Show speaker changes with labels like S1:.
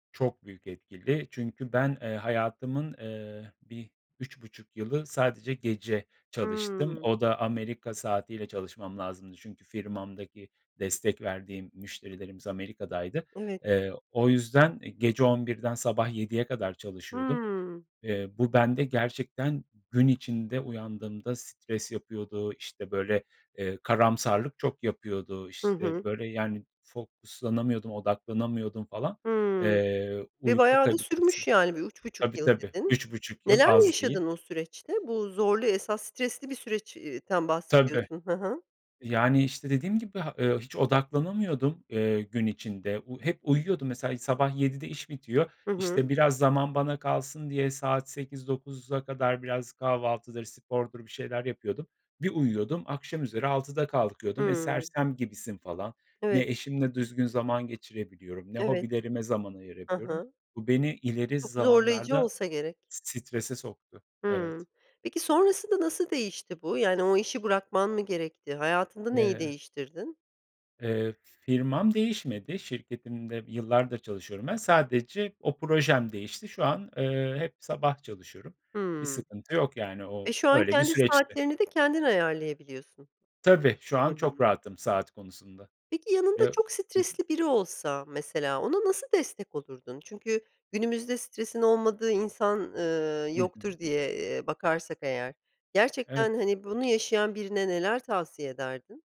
S1: Çok büyük etkili. Çünkü ben, ııı, hayatımın, ııı, bir, 3,5 yılı sadece gece çalıştım.
S2: Hıı.
S1: O da Amerika saatiyle çalışmam lazımdı. Çünkü firmamdaki destek verdiğim müşterilerimiz Amerika'daydı.
S2: Evet.
S1: Eee, o yüzden gece 23.00'den sabah 07.00'e kadar çalışıyordum.
S2: Hıı.
S1: Iıı, bu bende gerçekten gün içinde uyandığımda stres yapıyordu. İşte böyle, ııı, karamsarlık çok yapıyordu.
S2: Hı
S1: İşte,
S2: hı.
S1: böyle, yani, fokuslanamıyordum, odaklanamıyordum falan.
S2: Hıı,
S1: Eee,
S2: ve
S1: uyku
S2: bayağı da
S1: kalitesi
S2: sürmüş yani bir 3,5
S1: Tabii
S2: yıl
S1: tabii,
S2: dedin.
S1: 3,5 yıl
S2: Neler
S1: az değil.
S2: yaşadın o süreçte? Bu zorlu esas stresli bir süreç ııı, den
S1: Tabii,
S2: bahsediyorsun. Hı hı.
S1: yani, işte dediğim gibi, ııı, hiç odaklanamıyordum, ııı, gün içinde. U hep uyuyordum mesela, sabah 07.00'de iş bitiyor.
S2: Hı hı.
S1: İşte biraz zaman bana kalsın diye saat 08.00-09.00'a kadar biraz kahvaltıdır, spordur bir şeyler yapıyordum. Bir uyuyordum, akşam üzeri altıda kalkıyordum. Eee,
S2: Hıı.
S1: sersem gibisin falan. Ne
S2: Evet.
S1: eşimle düzgün zaman geçirebiliyorum, ne
S2: Evet.
S1: hobilerime zaman
S2: Hı
S1: ayırabiliyorum.
S2: hı.
S1: Bu beni ileri
S2: Çok zorlayıcı
S1: zamanlarda
S2: olsa gerek.
S1: strese soktu. Evet.
S2: Hımm, peki, sonrasında nasıl değişti bu yani o işi bırakman mı gerekti hayatında neyi
S1: Eee
S2: değiştirdin?
S1: Eee, firmam değişmedi, şirketimde yıllardır çalışıyorum ben. Sadece o projem değişti. Şu an, ııı, hep sabah çalışıyorum. Bir
S2: Hımm.
S1: sıkıntı yok, yani,
S2: Eee,
S1: o
S2: şu an
S1: öyle bir
S2: kendi
S1: süreçti.
S2: saatlerini de kendin ayarlayabiliyorsun.
S1: Tabii şu
S2: Hı
S1: an
S2: hı.
S1: çok rahatım saat konusunda.
S2: Peki, yanında
S1: Ya
S2: çok
S1: hı hı.
S2: stresli biri olsa mesela ona nasıl destek olurdun? Çünkü günümüzde stresin olmadığı insan, ııı,
S1: Hı hı.
S2: yoktur diye, eee, bakarsak eğer,
S1: Evet.
S2: gerçekten, hani, bunu yaşayan birine neler tavsiye ederdin?